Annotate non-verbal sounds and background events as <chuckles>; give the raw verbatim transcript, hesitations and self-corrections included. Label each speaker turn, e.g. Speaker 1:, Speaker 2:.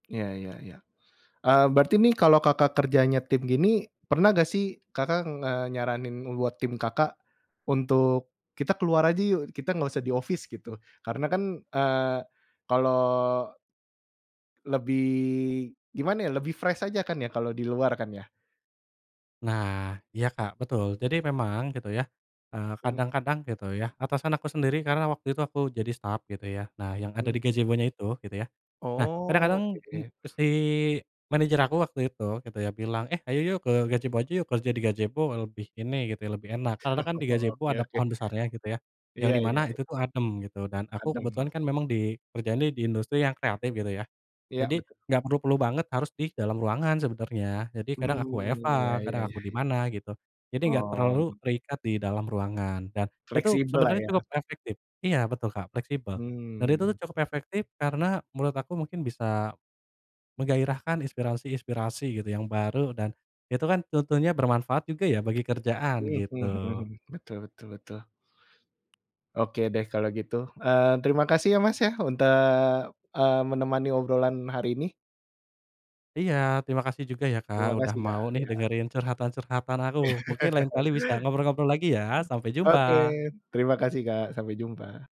Speaker 1: Iya iya iya, eee, berarti ini, kalo Kakak kerjanya tim, gini, pernah gak, sih, Kakak ngenyaranin buat tim Kakak, untuk, "Kita keluar aja, yuk, kita, gak usah di office." Gitu. Karena kan, eee, kalo lebih, gimana ya, lebih fresh aja kan, ya, kalau di luar kan, ya.
Speaker 2: Nah, iya Kak, betul. Jadi memang, gitu, ya, eee,
Speaker 1: Mmm.
Speaker 2: kadang-kadang, gitu, ya, atasan aku sendiri, karena waktu itu aku jadi staff gitu, ya. Nah, yang ada di
Speaker 1: Mmm.
Speaker 2: gazebonya itu gitu, ya. Nah,
Speaker 1: Oh,
Speaker 2: kadang-kadang em
Speaker 1: oke.
Speaker 2: eee, si manajer aku, waktu itu, gitu, ya, bilang, "Eh, ayo yuk, ke gajebo aja yuk, kerja di gajebo, lebih ini," gitu ya, "lebih enak." Karena kan, di
Speaker 1: <chuckles>
Speaker 2: gazebo
Speaker 1: Oke
Speaker 2: ada
Speaker 1: oke.
Speaker 2: pohon besarnya gitu, ya. Yang
Speaker 1: Iya
Speaker 2: di mana
Speaker 1: iya i
Speaker 2: itu, tuh, adem gitu, dan aku kebetulan
Speaker 1: Adem.
Speaker 2: kan, memang di, kerjanya di industri yang kreatif gitu, ya.
Speaker 1: Iya,
Speaker 2: Jadi,
Speaker 1: betu
Speaker 2: gak perlu-perlu banget harus di dalam ruangan, sebenarnya, jadi,
Speaker 1: Hmm,
Speaker 2: kadang aku WFH,
Speaker 1: iya
Speaker 2: kadang
Speaker 1: iya
Speaker 2: aku di
Speaker 1: iya.
Speaker 2: mana, gitu. Jadi gak
Speaker 1: Oh.
Speaker 2: terlalu, terikat di dalam ruangan. Dan itu,
Speaker 1: Fleksibel lah,
Speaker 2: sebenarnya
Speaker 1: ya.
Speaker 2: cukup efektip iya, betul Kak, fleksibel. Dan, itu tuh
Speaker 1: Hmm.
Speaker 2: cukup efektip, karena menurut aku mungkin bisa, menggairahkan inspirasi-inspirasi gitu, yang baru, dan, itu kan, tentunya bermanfaat juga, ya, bagi kerjaan,
Speaker 1: Mhm
Speaker 2: gitu.
Speaker 1: mhm mhm, betul betul betul. Oke deh, kalau gitu, eee, terima kasih ya, Mas, ya, unta, mmm, menemani obrolan hari ini.
Speaker 2: Iya, terima kasih juga, ya, Kak,
Speaker 1: Terima
Speaker 2: udah
Speaker 1: kasih, Kak,
Speaker 2: mau, nih,
Speaker 1: iya.
Speaker 2: dengerin curhatan-curhatan aku. Mungkin, lain
Speaker 1: <chuckles>
Speaker 2: kali bisa ngobrol-ngobrol lagi, ya, Sampai
Speaker 1: Oke,
Speaker 2: jumpa.
Speaker 1: terima kasih, Kak, sampai jumpa.